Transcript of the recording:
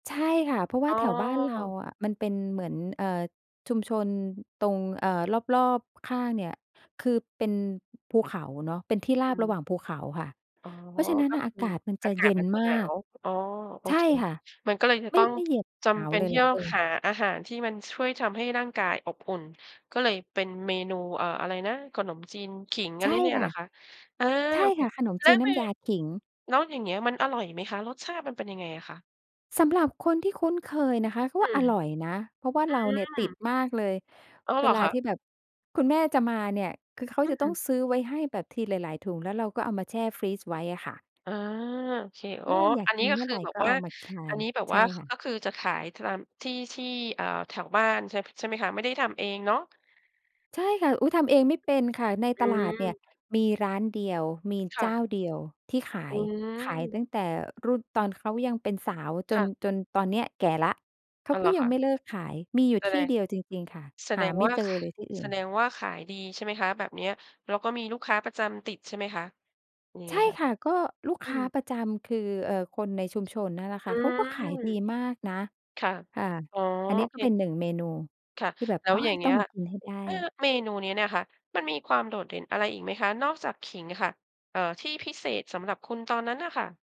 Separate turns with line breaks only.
ใช่ค่ะ เพราะว
อ
่า
๋อ
แถวบ้านเราอะ มันเป็นเหมือน เอ่อ ชุมชนตรง เอ่อ รอบ ๆ ข้างเนี่ย คือเป็นภูเขาเนาะ เป็นที่ร
อ
าบ
ื
ระ
ม
หว่างภูเขาค่ะ
อ๋อ
เพราะฉะนั้น
ก็
อะ
ค
อา
ือ
กาศมัน
อ
จะ
ากา
เย
ศ
็
ม
น
ันจะ
มา
หนา
ก
ว อ๋อ โอ
ใช่
เค
ค่ะ
มันก็เลยจะ
ไม
ต
่
้อง
ไม่เหยือบ
จ
หนา
ำเป
ว
็น
เลย
ท
แ
ี่
หละ
ต้อ
เอ
ง
อ
หาอาหารที่มันช่วยทำให้ร่างกายอบอุ่น ก็เลยเป็นเมนู เอ่อ อะไรนะ? ขนมจีนขิงอ
ใ
ะ
ช
ไร
่
เนี่ย
ค
เ
่
หร
ะ
อคะ? อา
ใช่
โอ้โฮ
ค่ะ ขนม
แล
จ
้
ี
ว
นน
ม
้
ี
ำยาขิง
แล้วอย่างเงี้ยมันอร่อยไหมคะ? รสชาติมันเป็นยังไงอะคะ?
สำหรับคนที่คุ้นเคยนะคะ เขา
อื
ว่าอ
ม
ร่อยนะ เพราะว่า
อื
เราเนี่ยติด
ม
มากเลย
อ้าว เ
เว
หรอ
ล
ค
า
ะ?
ที่แบบคุณแม่จะมาเนี่ย คือเขา
อื
จะต้อ
ม
งซื้อไว้ให้แบบทีหลาย ๆ ถุงแล้วเราก็เอามาแช่ฟรีซไว้อะค่ะ
อา โอเค
เอ
อ๋อ
อ อยาก
อัน
ก
นี
ิ
้
น
ก็
เมื่อ
ค
ไ
ือ
ร
แบ
ก
บ
็
ว
เอ
่า
ามาคา
อั
น
นนี้แบบ
ใช
ว
่
่า
ค่ะ
ก็คือจะขาย ท ตามที่ ที่ เอ่อ แถวบ้านใช่ พ ใช่ไหมคะ? ไม่ได้ทำเองเนาะ?
ใช่ค่ะ อุ๊ย ทำเองไม่เป็นค่ะ ใน
อ
ตลาดเนี่
ืม
ยมีร้านเดียว มี
ค
เ
่
จ้
ะ
าเดียวที่ขา
อื
ย
ม
ขายตั้งแต่รุ่นตอนเขายังเป็นสาวจ
ค่
น
ะ
จนตอนเนี้ยแก่แล้ว เข
อ
า
้าว เ
ก
ห
็
รอ
ย
ค
ัง
ะ
ไม่เลิกขาย มีอยู่
แส
ท
ด
ี่
ง
เดียวจริง ๆ ค่ะ
แส
ห
ด
า
ง
ไม่
ว่า
เจ
ข
อเลยที่อื
แ
่
ส
น
ดงว่า ขายดีใช่ไหมคะ? แบบเนี้ย แล้วก็มีลูกค้าประจำติดใช่ไหมคะ? ยัง
ใ
ไ
ช
ง
่
ค่ะ?
ค่ะ ก็ลูก
อื
ค้า
ม
ประจำคือ เอ่อ คนในชุมชนนั่นแหละค
อ
่ะ เขาก็ขายดี
ืม
มากนะ
ค่ะ
ค่ะ
อ๋อ
อันนี
โ
้
อ
ก
เ
็เป็
ค
น 1 เมนู
ค่ะ
ที่แบบ
แล้
โ
ว
อ
อย่
ย
างเง
ต
ี
้อ
้
ง
ย
มากินให้ได้
อ่า เมนูนี้เนี่ยค่ะ มันมีความโดดเด่นอะไรอีกไหมคะ? นอกจากขิงค่ะ เอ่อ ที่พิเศษสำหรับคุณตอนนั้นน่ะค่ะ